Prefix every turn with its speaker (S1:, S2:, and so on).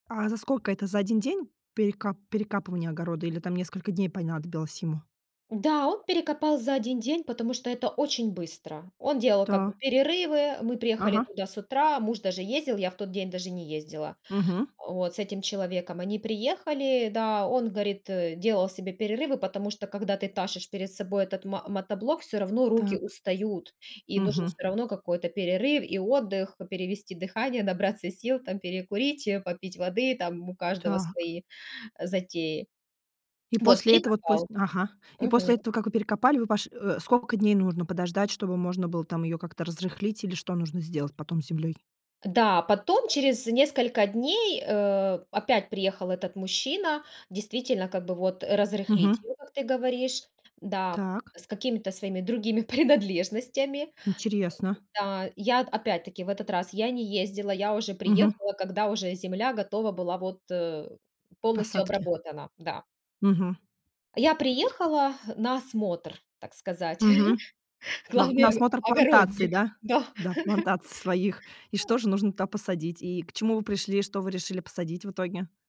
S1: А за сколько? Это за 1 день перека перекапывания огорода, или там несколько дней понадобилось ему?
S2: Да, он перекопал за 1 день, потому что это очень быстро. Он делал как бы
S1: Та
S2: перерывы. Мы приехали
S1: Ага.
S2: туда с утра, муж даже ездил, я в тот день даже не ездила.
S1: Мгм.
S2: Вот. С этим человеком они приехали, да, он, говорит, э, делал себе перерывы, потому что, когда ты тащишь перед собой этот мо мотоблок, всё равно руки
S1: Так.
S2: устают, и нужен
S1: Мгм.
S2: всё равно какой-то перерыв и отдых, п перевести дыхание, набраться сил там, перекурить, попить воды. Там у каждого
S1: Так.
S2: свои затеи.
S1: И
S2: Вот,
S1: после
S2: и
S1: этого т пос
S2: копал.
S1: Ага. И
S2: Мгм.
S1: после этого, как вы перекопали, вы пош Э, сколько дней нужно подождать, чтобы можно было там ее как-то разрыхлить, или что нужно сделать потом с землей?
S2: Да, потом, через несколько дней, э, опять приехал этот мужчина, действительно, как бы вот разрыхлить
S1: Мгм.
S2: его, как ты говоришь Да,
S1: Так.
S2: с какими-то своими другими принадлежностями.
S1: Интересно.
S2: Да. Я, т опять-таки, в этот раз я не ездила, я уже
S1: Мгм.
S2: приехала, когда уже земля готова была вот, э,
S1: К
S2: полностью
S1: посадке.
S2: обработана. Да.
S1: Мгм.
S2: Я приехала на осмотр, так сказать.
S1: Мгм. На на
S2: Главный
S1: осмотр плантаций,
S2: ог-огородник.
S1: да?
S2: Да.
S1: Да, плантаций своих. И что же нужно туда посадить? И к чему вы пришли, что вы решили посадить в итоге?